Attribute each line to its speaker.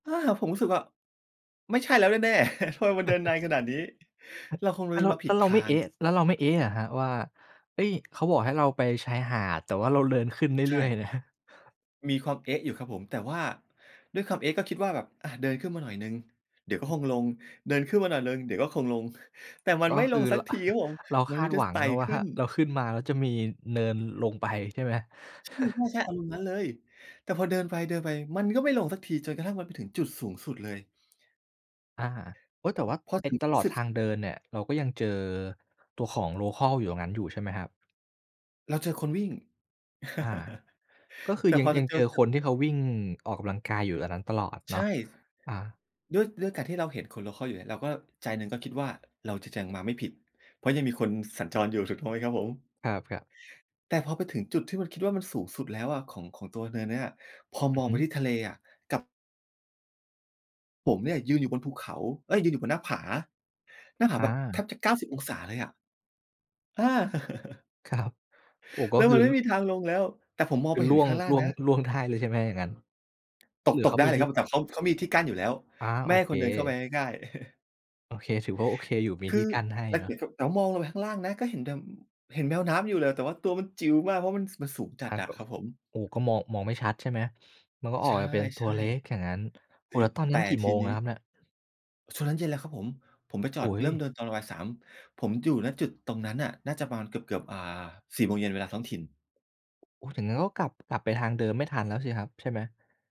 Speaker 1: อ้า ผมรู้สึกว่า ไม่ใช่แล้วแน่ ๆ ทำไมมันเดินนานขนาดนี้ เราคง
Speaker 2: แ
Speaker 1: เ
Speaker 2: ล
Speaker 1: ด
Speaker 2: ้
Speaker 1: ิ
Speaker 2: วเ
Speaker 1: น
Speaker 2: รา
Speaker 1: มาผ
Speaker 2: แล
Speaker 1: ิ
Speaker 2: ้
Speaker 1: ด
Speaker 2: วเร
Speaker 1: ท
Speaker 2: าไ
Speaker 1: า
Speaker 2: ม่ เอ๊
Speaker 1: ง
Speaker 2: ะ แล้วเราไม่ เอ๊ะ เหรอครับว่า เอ๊ย เขาบอกให้เราไปชายหาด แต่ว่าเราเดินขึ้นเร
Speaker 1: ใช
Speaker 2: ื่อย
Speaker 1: ่
Speaker 2: ๆ นะ
Speaker 1: มีความ เอ๊ะ อยู่ครับผม แต่ว่าด้วยความ เอ๊ะ ก็คิดว่าแบบ อ่า เดินขึ้นมาหน่อยหนึ่ง เดี๋ยวก็
Speaker 2: อือ
Speaker 1: คงลง เดินขึ้นมาหน่อยหนึ่ง เดี๋ยวก็คงลง แต่ มั
Speaker 2: อ
Speaker 1: น
Speaker 2: ๋อ
Speaker 1: ไม่
Speaker 2: ค
Speaker 1: ล
Speaker 2: ือ
Speaker 1: งสั
Speaker 2: ร
Speaker 1: กทีครับผม
Speaker 2: เรา
Speaker 1: ม
Speaker 2: ค
Speaker 1: ัน
Speaker 2: า
Speaker 1: มี
Speaker 2: ด
Speaker 1: แต่
Speaker 2: หวั
Speaker 1: ส ไ
Speaker 2: ง
Speaker 1: ต่
Speaker 2: เนาะว
Speaker 1: ข
Speaker 2: ่า
Speaker 1: ึ้น
Speaker 2: เราขึ้นมา แล้วจะมีเนินลงไป ใช่ไหม?
Speaker 1: อืม ใช่ ๆ อารมณ์นั้นเลย แต่พอเดินไป เดินไป มันก็ไม่ลงสักที จนกระทั่ง มันไปถึงจุดสูงสุดเลย
Speaker 2: อา โอ๊ย แต่ว่า
Speaker 1: พอ
Speaker 2: ไอ้
Speaker 1: ถึง
Speaker 2: ต
Speaker 1: สู
Speaker 2: ล
Speaker 1: ง
Speaker 2: อด
Speaker 1: สุด
Speaker 2: ทางเดินเนี่ย เราก็ยังเจอตัวของ โลคัล อยู่ตรงนั้นอยู่ ใช่ไหมครับ?
Speaker 1: เราเจอคนวิ่ง
Speaker 2: อา ก็คื
Speaker 1: แต
Speaker 2: อ
Speaker 1: ่
Speaker 2: ยั
Speaker 1: พ
Speaker 2: ง
Speaker 1: อ
Speaker 2: ย
Speaker 1: จ
Speaker 2: ั
Speaker 1: ะ
Speaker 2: ง
Speaker 1: เจ
Speaker 2: เจ
Speaker 1: อ
Speaker 2: อ
Speaker 1: กั
Speaker 2: ค
Speaker 1: บ
Speaker 2: นที่เขาวิ่งออกกำลังกาย อยู่ตรงนั้นตลอด
Speaker 1: ใ
Speaker 2: เ
Speaker 1: ช
Speaker 2: นา
Speaker 1: ่
Speaker 2: ะ อา
Speaker 1: ด้วย ด้วยการที่เราเห็นคน โลคัล อยู่เนี่ย เราก็ใจหนึ่งก็คิดว่า เราจะยังมาไม่ผิด เพราะยังมีคนสัญจรอยู่ ถูกต้องไหมครับผม?
Speaker 2: ครับ ๆ
Speaker 1: แต่พอไปถึงจุดที่มันคิดว่า มันสูงสุดแล้วอะ ของ ของตัวเนินเนี้ย พอ
Speaker 2: อ
Speaker 1: ม
Speaker 2: ือ
Speaker 1: อง
Speaker 2: ฮ
Speaker 1: ไ
Speaker 2: ึ
Speaker 1: ปที่ทะเลอะ กลับ ผมเนี่ยยืนอยู่บนภูเขา เอ๊ย ยืนอยู่บนหน้าผา หน้าผ
Speaker 2: อ
Speaker 1: าแบบแท
Speaker 2: า
Speaker 1: บจะ 90 องศาเลยอะ อา
Speaker 2: ครับ โอ้ ก
Speaker 1: แ
Speaker 2: ็
Speaker 1: ล้ว
Speaker 2: ค
Speaker 1: มั
Speaker 2: ื
Speaker 1: น
Speaker 2: อ
Speaker 1: ไม่มีทางลงแล้ว แต่ผมมอ
Speaker 2: ค
Speaker 1: ง
Speaker 2: ื
Speaker 1: ไป
Speaker 2: อ
Speaker 1: เห
Speaker 2: ร
Speaker 1: ็น
Speaker 2: ่ว
Speaker 1: ข
Speaker 2: ง
Speaker 1: ้างล่า
Speaker 2: ร
Speaker 1: ง
Speaker 2: ่วง
Speaker 1: นะ
Speaker 2: ร่วงได้เลย ใช่ไหมอย่างงั้น?
Speaker 1: ต
Speaker 2: ห
Speaker 1: ก
Speaker 2: รือ
Speaker 1: ต
Speaker 2: เข
Speaker 1: ก
Speaker 2: า
Speaker 1: ได้
Speaker 2: มี
Speaker 1: เลย
Speaker 2: ท
Speaker 1: ค
Speaker 2: ี
Speaker 1: ร
Speaker 2: ่
Speaker 1: ับ แต่เขา เขามีที่กั้นอยู่แล้ว
Speaker 2: อา
Speaker 1: ไม
Speaker 2: โอ
Speaker 1: ่ให้
Speaker 2: เ
Speaker 1: ค
Speaker 2: ค
Speaker 1: นเดินเข้าไปง่าย ๆ
Speaker 2: โอเค ถือว่า โอเคอยู่ มี
Speaker 1: ค
Speaker 2: ท
Speaker 1: ื
Speaker 2: ี่
Speaker 1: อ
Speaker 2: กั้นให้
Speaker 1: แล้ว
Speaker 2: เนา
Speaker 1: ห
Speaker 2: ะ
Speaker 1: ันกลับ แล้วมองลงไปข้างล่างนะ ก็เห็นแต่ เห็นแมวน้ำอยู่เลย แต่ว่าตัวมันจิ๋วมาก เพราะ มัน มันสูงจ
Speaker 2: พ
Speaker 1: ัด
Speaker 2: ัก
Speaker 1: อะ
Speaker 2: เหรอ
Speaker 1: ครับผม
Speaker 2: โอ้ ก็มอง มองไม่ชัดใช่ไหม? มันก็อ
Speaker 1: ใ
Speaker 2: อ
Speaker 1: ช
Speaker 2: ก
Speaker 1: ่
Speaker 2: มาเป็นตัวเล็กอย่างงั้น โ
Speaker 1: ๆ
Speaker 2: อ้
Speaker 1: ที
Speaker 2: แล้วตอน
Speaker 1: แ
Speaker 2: นั
Speaker 1: ต
Speaker 2: ้
Speaker 1: ่
Speaker 2: นกี่
Speaker 1: ท
Speaker 2: โม
Speaker 1: ี
Speaker 2: ง
Speaker 1: น
Speaker 2: อ
Speaker 1: ี
Speaker 2: ะ
Speaker 1: ้
Speaker 2: ครับเนี่ย?
Speaker 1: ช่วงนั้นเย็นแล้วครับผม ผมไปจ
Speaker 2: โ
Speaker 1: อ
Speaker 2: อ
Speaker 1: ด
Speaker 2: ๊
Speaker 1: เริ่ม
Speaker 2: ย
Speaker 1: เดินตอนประมาณ 3 ผมอยู่ ณ จุดตรงนั้นน่ะ น่าจะประมาณเกือบ ๆ อ่า 4 โมงเย็น เวลาท้องถิ่น
Speaker 2: โอ้ อย่างงั้นก็ กลับ กลับไปทางเดิมไม่ทันแล้วสิครับใช่ไหม?